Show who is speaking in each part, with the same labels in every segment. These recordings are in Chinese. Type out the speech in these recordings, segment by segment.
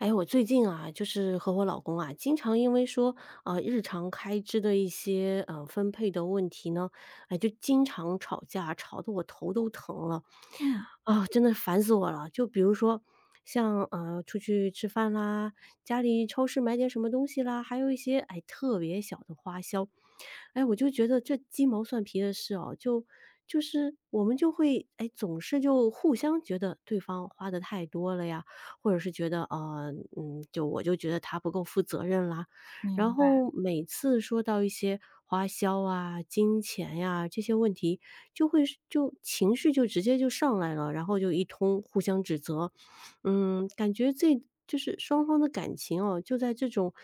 Speaker 1: 哎，我最近啊，就是和我老公啊，经常因为说，呃，日常开支的一些，呃，分配的问题呢，诶，就经常吵架，吵得我头都疼了。
Speaker 2: 嗯。
Speaker 1: 啊，真的烦死我了。就比如说像，呃，出去吃饭啦，家里超市买点什么东西啦，还有一些，哎，特别小的花销。哎，我就觉得这鸡毛蒜皮的事啊，就就是我们就会，哎，总是就互相觉得对方花得太多了呀，或者是觉得，呃，嗯，就我就觉得他不够负责任啦。然
Speaker 2: 明白。
Speaker 1: 后每次说到一些花销啊、金钱呀，这些问题就会就情绪就直接就上来了，然后就一通互相指责，嗯，感觉这就是双方的感情啊，就在这种，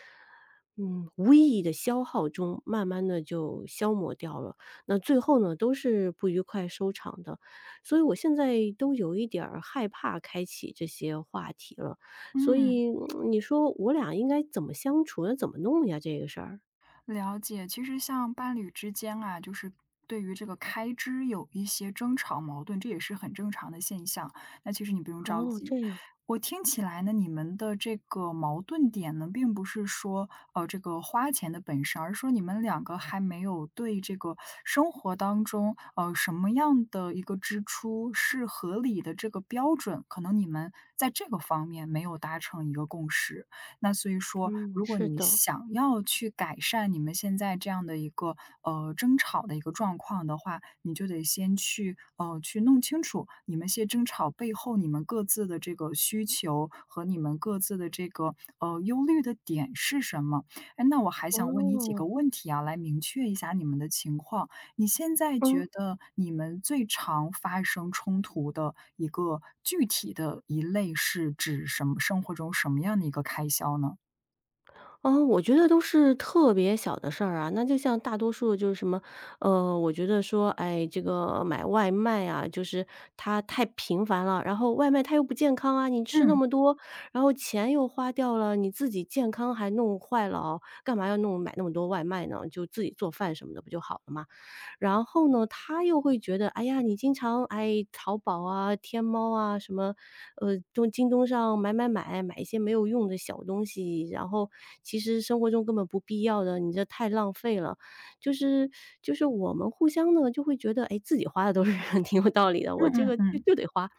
Speaker 1: 嗯，无意义的消耗中慢慢地就消磨掉了。那最后呢，都是不愉快收场的。所以我现在都有一点儿害怕开启这些话题了，所
Speaker 2: 嗯。
Speaker 1: 以 你说我俩应该怎么相处，怎么弄呀这个事儿。
Speaker 2: 了解，其实像伴侣之间啊，就是对于这个开支有一些争吵矛盾，这也是很正常的现象，哎，其实你不用着
Speaker 1: 哦，这
Speaker 2: 急。
Speaker 1: 样。
Speaker 2: 我听起来呢，你们的这个矛盾点呢，并不是说，呃，这个花钱的本身，而是说你们两个还没有对这个生活当中，呃，什么样的一个支出是合理的这个标准，可能你们在这个方面没有达成一个共识。那所以说
Speaker 1: 嗯，
Speaker 2: 如果
Speaker 1: 是
Speaker 2: 你
Speaker 1: 的。
Speaker 2: 想要去改善你们现在这样的一个，呃，争吵的一个状况的话，你就得先去，呃，去弄清楚，你们些争吵背后你们各自的这个需求和你们各自的这个，呃，忧虑的点是什么。诶，那我还想问你几个
Speaker 1: 哦。
Speaker 2: 问题啊，来明确一下你们的情况。你现在觉
Speaker 1: 嗯。
Speaker 2: 得你们最常发生冲突的一个具体的一类是指什么生活中什么样的一个开销呢？
Speaker 1: 嗯，我觉得都是特别小的事儿啊，那就像大多数就是什么呃，我觉得说，哎，这个买外卖啊，就是它太频繁了，然后外卖它又不健康啊，你吃那
Speaker 2: 嗯。
Speaker 1: 么多，然后钱又花掉了，你自己健康还弄坏了哦，干嘛要弄买那么多外卖呢？就自己做饭什么的不就好了吗？然后呢，他又会觉得：“哎呀，你经常哎，淘宝啊、天猫啊，什么呃，从京东上买买买，买一些没有用的小东西，然后其实生活中根本不必要的，你这太浪费了。”就是 就是我们互相呢就会觉得，哎，自己花的都是挺有道理的，我
Speaker 2: 嗯
Speaker 1: 这
Speaker 2: 嗯
Speaker 1: 个就
Speaker 2: 嗯。
Speaker 1: 就得花，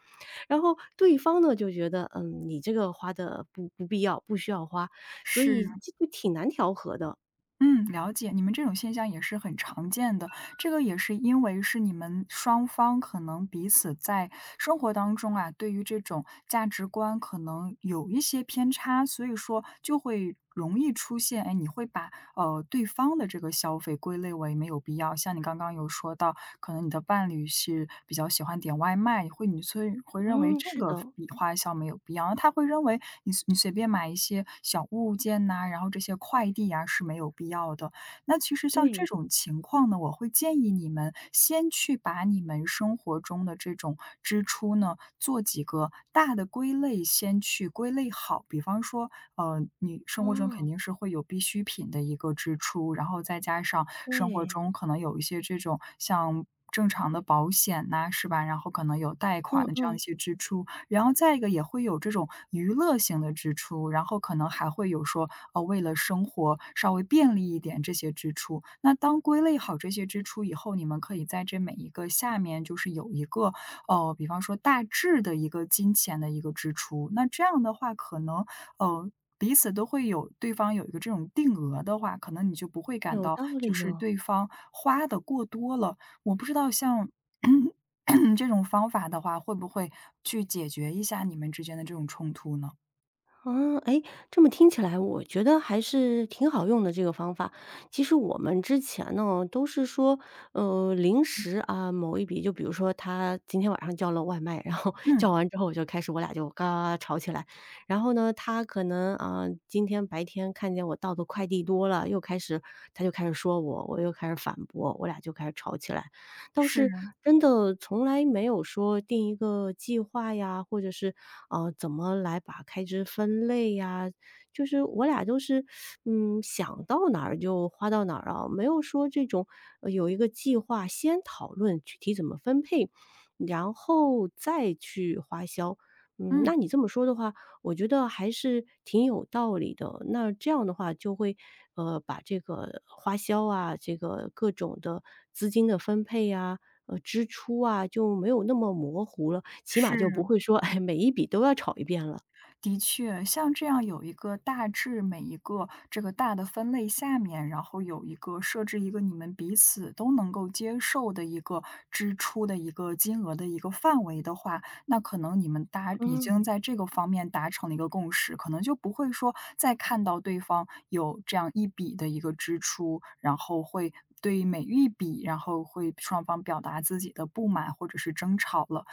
Speaker 1: 然后对方呢，就觉得，嗯，你这个花的不不必要，不需要花，所
Speaker 2: 是。
Speaker 1: 以这个挺难调和的。
Speaker 2: 嗯，了解。你们这种现象也是很常见的，这个也是因为，是你们双方可能彼此在生活当中啊，对于这种价值观可能有一些偏差，所以说，就会容易出现，哎，你会把，呃，对方的这个消费归类为没有必要，像你刚刚有说到，可能你的伴侣是比较喜欢点外卖，会你所以会认为
Speaker 1: 嗯，
Speaker 2: 这
Speaker 1: 是
Speaker 2: 个
Speaker 1: 的。
Speaker 2: 笔花销没有必要。他会认为，你随你随便买一些小物件呐，然后这些快递呀，是没有必要的。那其实像这
Speaker 1: 对。
Speaker 2: 种情况呢，我会建议你们先去把你们生活中的这种支出呢，做几个大的归类，先去归类好。比方说，呃，你生活中肯
Speaker 1: 哦。
Speaker 2: 定是会有必需品的一个支出，然后再加上生活
Speaker 1: 对。
Speaker 2: 中可能有一些这种，像正常的保险呐，是吧，然后可能有贷
Speaker 1: 嗯
Speaker 2: 款的这样的一
Speaker 1: 嗯。
Speaker 2: 些支出。然后再一个也会有这种，娱乐性的支出，然后可能还会有说，呃，为了生活稍微便利一点，这些支出。那当归类好这些支出以后，你们可以在这每一个下面就是有一个，呃，比方说大致的一个金钱的一个支出，那这样的话可能，呃，彼此都会有对方有一个这种定额的话，可能你就不会感
Speaker 1: 有
Speaker 2: 到，
Speaker 1: 道
Speaker 2: 就
Speaker 1: 理
Speaker 2: 是
Speaker 1: 哦。
Speaker 2: 对方花得过多了。我不知道像 这种方法的话，会不会去解决一下你们之间的这种冲突呢？
Speaker 1: 啊，哎，这么听起来我觉得还是挺好用的这个方法。其实我们之前呢，都是说，呃，临时啊，某一笔就比如说他今天晚上叫了外卖，然后
Speaker 2: 嗯。
Speaker 1: 叫完之后就开始我俩就嘎嘎嘎吵起来。然后呢他可能，呃，今天白天看见我到的快递多了又开始他就开始说我，我又开始反驳，我俩就开始吵起来。倒是
Speaker 2: 是。
Speaker 1: 真的从来没有说定一个计划呀，或者是，呃，怎么来把开支分类啊，就是我俩都是，嗯，想到哪儿就花到哪儿啊，没有说这种有一个计划先讨论具体怎么分配，然后，再去花销。嗯，
Speaker 2: 嗯。
Speaker 1: 那你这么说的话，我觉得还是挺有道理的，那这样的话就会，呃，把这个花销啊，这个各种的资金的分配啊，呃，支出啊，就没有那么模糊了，起码就不
Speaker 2: 是。
Speaker 1: 会说，哎，每一笔都要吵一遍了。
Speaker 2: 的确，像这样有一个大致每一个这个大的分类下面，然后有一个设置一个你们彼此都能够接受的一个支出的一个金额的一个范围的话，那可能你们大已经
Speaker 1: 嗯。
Speaker 2: 在这个方面达成了一个共识，可能就不会说再看到对方有这样一笔的一个支出，然后会对每一笔，然后会双方表达自己的不满或者是争吵了。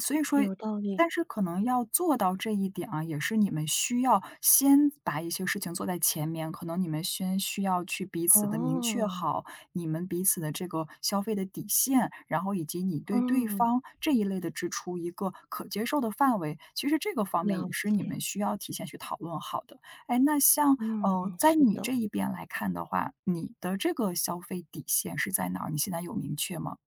Speaker 2: 所以说
Speaker 1: 有道理。
Speaker 2: 但是可能要做到这一点啊，也是你们需要先把一些事情做在前面，可能你们先需要去彼此地明确
Speaker 1: 哦。
Speaker 2: 好你们彼此的这个消费的底线，然后以及你对对
Speaker 1: 嗯。
Speaker 2: 方这一类的支出一个可接受的范围，其实这个方面
Speaker 1: 了
Speaker 2: 也是你
Speaker 1: 解。
Speaker 2: 们需要提前去讨论好的。诶，那像，
Speaker 1: 嗯
Speaker 2: 呃，
Speaker 1: 嗯，
Speaker 2: 在
Speaker 1: 是
Speaker 2: 你
Speaker 1: 的。
Speaker 2: 这一边来看的话，你的这个消费底线是在哪儿？你现在有明确吗？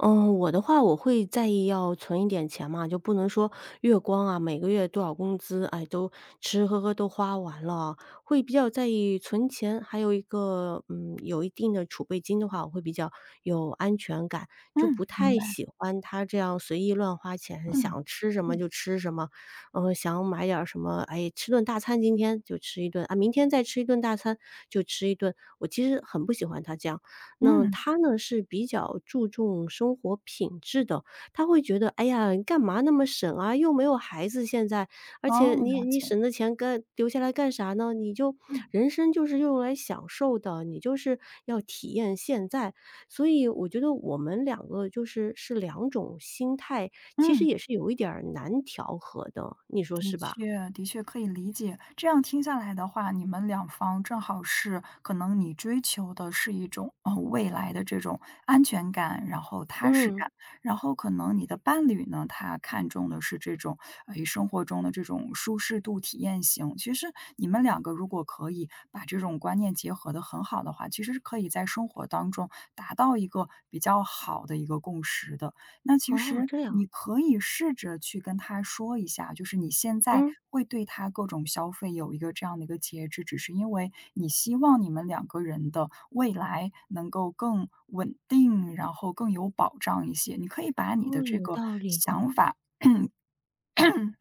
Speaker 1: 嗯，我的话我会在意要存一点钱嘛，就不能说月光啊，每个月多少工资，哎，都吃吃喝喝都花完了啊，会比较在意存钱。还有一个，嗯，有一定的储备金的话，我会比较有安全感，就
Speaker 2: 嗯，
Speaker 1: 不
Speaker 2: 明
Speaker 1: 太
Speaker 2: 白。
Speaker 1: 喜欢他这样随意乱花钱，
Speaker 2: 嗯，
Speaker 1: 想吃什么
Speaker 2: 嗯。
Speaker 1: 就吃什么，呃，想买点什么哎，吃顿大餐今天就吃一顿啊，明天再吃一顿大餐就吃一顿。我其实很不喜欢他这样，那
Speaker 2: 嗯。
Speaker 1: 他呢，是比较注重生活品质的。他会觉得，哎呀，你干嘛那么省啊，又没有孩子现在，而且
Speaker 2: 哦，
Speaker 1: 你
Speaker 2: 了
Speaker 1: 你
Speaker 2: 解。
Speaker 1: 省的钱干留下来干啥呢？你就
Speaker 2: 嗯。
Speaker 1: 人生就是用来享受的，你就是要体验现在。所以我觉得我们两个就是是两种心态，其实
Speaker 2: 嗯。
Speaker 1: 也是有一点儿难调和的，你说
Speaker 2: 的
Speaker 1: 是吧？
Speaker 2: 确的确可以理解，这样听下来的话，你们两方正好是可能你追求的是一种，嗯，未来的这种安全感，然后踏实
Speaker 1: 嗯。
Speaker 2: 感，然后可能你的伴侣呢，他看中的是这种，呃，以生活中的这种舒适度体验型。其实你们两个如果可以把这种观念结合得很好的话，其实是可以在生活当中达到一个比较好的一个共识的。那其
Speaker 1: 哦，
Speaker 2: 实
Speaker 1: 这样。
Speaker 2: 你可以试着去跟他说一下，就是你现在
Speaker 1: 嗯。
Speaker 2: 会对他各种消费有一个这样的一个节制，只是因为你希望你们两个人的未来能够更稳定，然后更有保障一些，你可以把你的
Speaker 1: 哦，
Speaker 2: 这
Speaker 1: 有
Speaker 2: 个
Speaker 1: 道理。
Speaker 2: 想法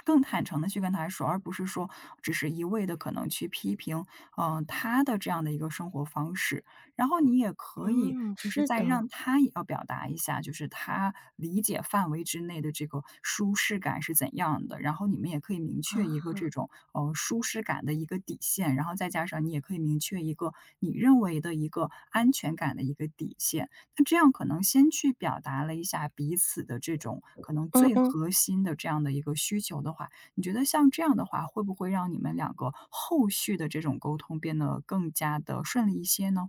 Speaker 2: 更坦诚地去跟他说，而不是说只是一味地可能去批评，呃，他的这样的一个生活方式。然后你也可以
Speaker 1: 嗯，
Speaker 2: 就是
Speaker 1: 是
Speaker 2: 再
Speaker 1: 的。
Speaker 2: 让他也要表达一下，就是他理解范围之内的这个舒适感是怎样的，然后你们也可以明确一个
Speaker 1: 啊。
Speaker 2: 这种，呃，舒适感的一个底线。然后再加上你也可以明确一个你认为的一个安全感的一个底线，那这样可能先去表达了一下彼此的这种可能
Speaker 1: 嗯
Speaker 2: 最
Speaker 1: 嗯。
Speaker 2: 核心的这样的一个需求的话，你觉得像这样的话，会不会让你们两个后续的这种沟通变得更加地顺利一些呢？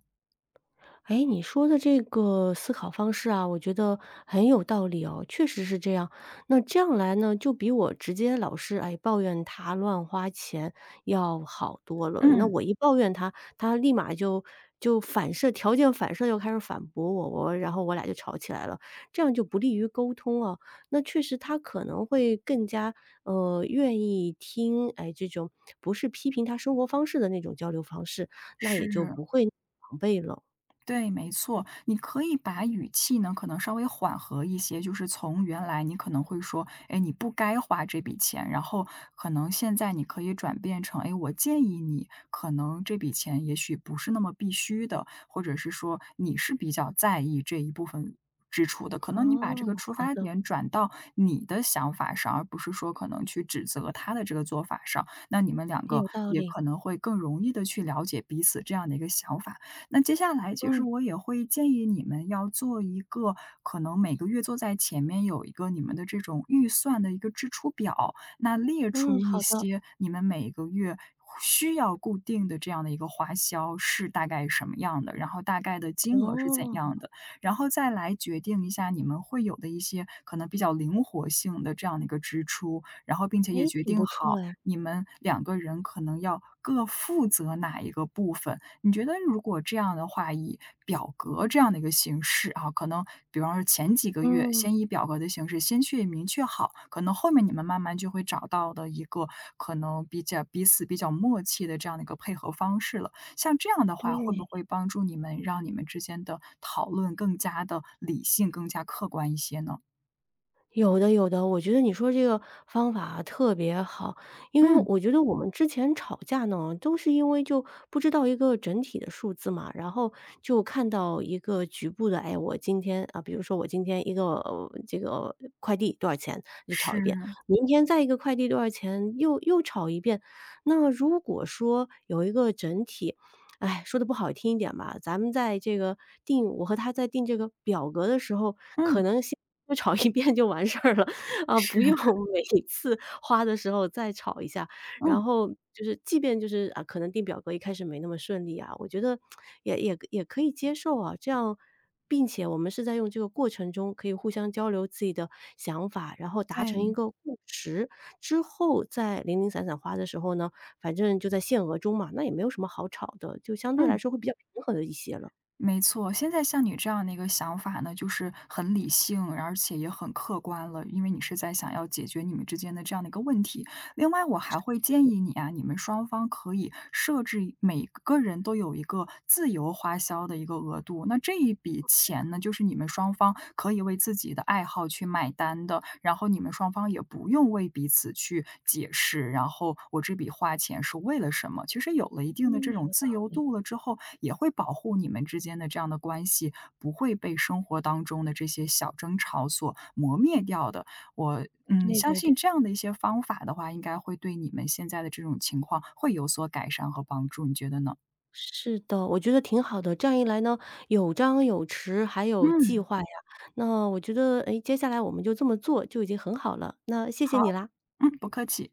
Speaker 1: 哎，你说的这个思考方式啊，我觉得很有道理哦，确实是这样。那这样来呢，就比我直接老是，哎，抱怨他乱花钱要好多了，那
Speaker 2: 嗯。
Speaker 1: 我一抱怨他，他立马就就反射条件反射就开始反驳我，然后我俩儿就吵起来了，这样就不利于沟通啊。那确实他可能会更加，呃，愿意听，哎，这种不是批评他生活方式的那种交流方式，那也就
Speaker 2: 是。
Speaker 1: 不会那么防备了。
Speaker 2: 对，没错，你可以把语气呢，可能稍微缓和一些，就是从原来你可能会说，哎，你不该花这笔钱，然后可能现在你可以转变成，哎，我建议你可能这笔钱也许不是那么必须的，或者是说你是比较在意这一部分支出的，可能你把这
Speaker 1: 哦，
Speaker 2: 个出
Speaker 1: 好
Speaker 2: 发
Speaker 1: 的。
Speaker 2: 点转到你的想法上，而不是说可能去指责他的这个做法上，那你们两
Speaker 1: 很有
Speaker 2: 个
Speaker 1: 道
Speaker 2: 也
Speaker 1: 理。
Speaker 2: 可能会更容易地去了解彼此这样的一个想法。那接下来就是
Speaker 1: 嗯。
Speaker 2: 我也会建议你们要做一个可能每个月坐在前面有一个你们的这种预算的一个支出表，那列
Speaker 1: 嗯，
Speaker 2: 出一
Speaker 1: 好的。
Speaker 2: 些你们每个月需要固定的这样的一个花销是大概什么样的，然后大概的金额是怎
Speaker 1: 哦。
Speaker 2: 样的，然后再来决定一下你们会有的一些可能比较灵活性的这样的一个支出，然后并
Speaker 1: 哎，
Speaker 2: 且也决
Speaker 1: 挺不
Speaker 2: 定
Speaker 1: 错
Speaker 2: 好
Speaker 1: 哎。
Speaker 2: 你们两个人可能要各负责哪一个部分。你觉得如果这样的话，以表格这样的一个形式啊，可能比方说前几个月
Speaker 1: 嗯。
Speaker 2: 先以表格的形式先去明确好，可能后面你们慢慢就会找到的一个可能比较彼此比较默契的这样的一个配合方式了。像这样的话，会不会
Speaker 1: 对。
Speaker 2: 帮助你们，让你们之间的讨论更加地理性，更加客观一些呢？
Speaker 1: 有的有的，我觉得你说这个方法啊，特别好。因为
Speaker 2: 嗯。
Speaker 1: 我觉得我们之前吵架呢，都是因为就不知道一个整体的数字嘛。然后就看到一个局部的，哎，我今天，啊比如说我今天一个这个快递多少钱，就吵一遍，
Speaker 2: 是。
Speaker 1: 明天再一个快递多少钱，又又吵一遍。那么如果说有一个整体，唉，说得不好听一点吧，咱们在这个定我和他在定这个表格的时候，可
Speaker 2: 嗯。
Speaker 1: 能先吵一遍就完事了，啊，
Speaker 2: 是。
Speaker 1: 不用每次花的时候再吵一下。然
Speaker 2: 嗯。
Speaker 1: 后就是即便就是，啊，可能定表格一开始那么顺利啊，我觉得 也也可也可以接受啊，这样并且我们是在用这个过程中可以互相交流自己的想法，然后达
Speaker 2: 在
Speaker 1: 成一
Speaker 2: 意。
Speaker 1: 个共识。之后再零零散散花的时候呢，反正就在限额中嘛，那也没有什么好吵的，就相对来
Speaker 2: 嗯。
Speaker 1: 说会比较平和的一些了。
Speaker 2: 没错，现在像你这样的一个想法呢，就是很理性，然而且也很客观了，因为你是在想要解决你们之间的这样的一个问题。另外我
Speaker 1: 是
Speaker 2: 还会建
Speaker 1: 的。
Speaker 2: 议你啊，你们双方可以设置一每个人都有一个自由花销的一个额度。那这一笔
Speaker 1: 哦，这样。
Speaker 2: 钱呢，就是你们双方可以为自己的爱好去买单的，然后你们双方也不用为彼此去解释，然后我这笔花钱是为了什么。其实有了一定的
Speaker 1: 嗯，
Speaker 2: 这
Speaker 1: 有
Speaker 2: 种
Speaker 1: 道
Speaker 2: 自由
Speaker 1: 理。
Speaker 2: 度了之后，也会保护你们之间的这样的关系，不会被生活当中的这些小争吵所磨灭掉的。我嗯，
Speaker 1: 对
Speaker 2: 相
Speaker 1: 对
Speaker 2: 信
Speaker 1: 对。
Speaker 2: 这样的一些方法的话，应该会对你们现在的这种情况会有所改善和帮助，你觉得呢？
Speaker 1: 是的，我觉得挺好的，这样一来呢，有张有弛，还有计
Speaker 2: 嗯。
Speaker 1: 划呀，那我觉得，诶，接下来我们就这么做，就已经很好了，那谢谢你
Speaker 2: 好，
Speaker 1: 啦。
Speaker 2: 嗯，不客气。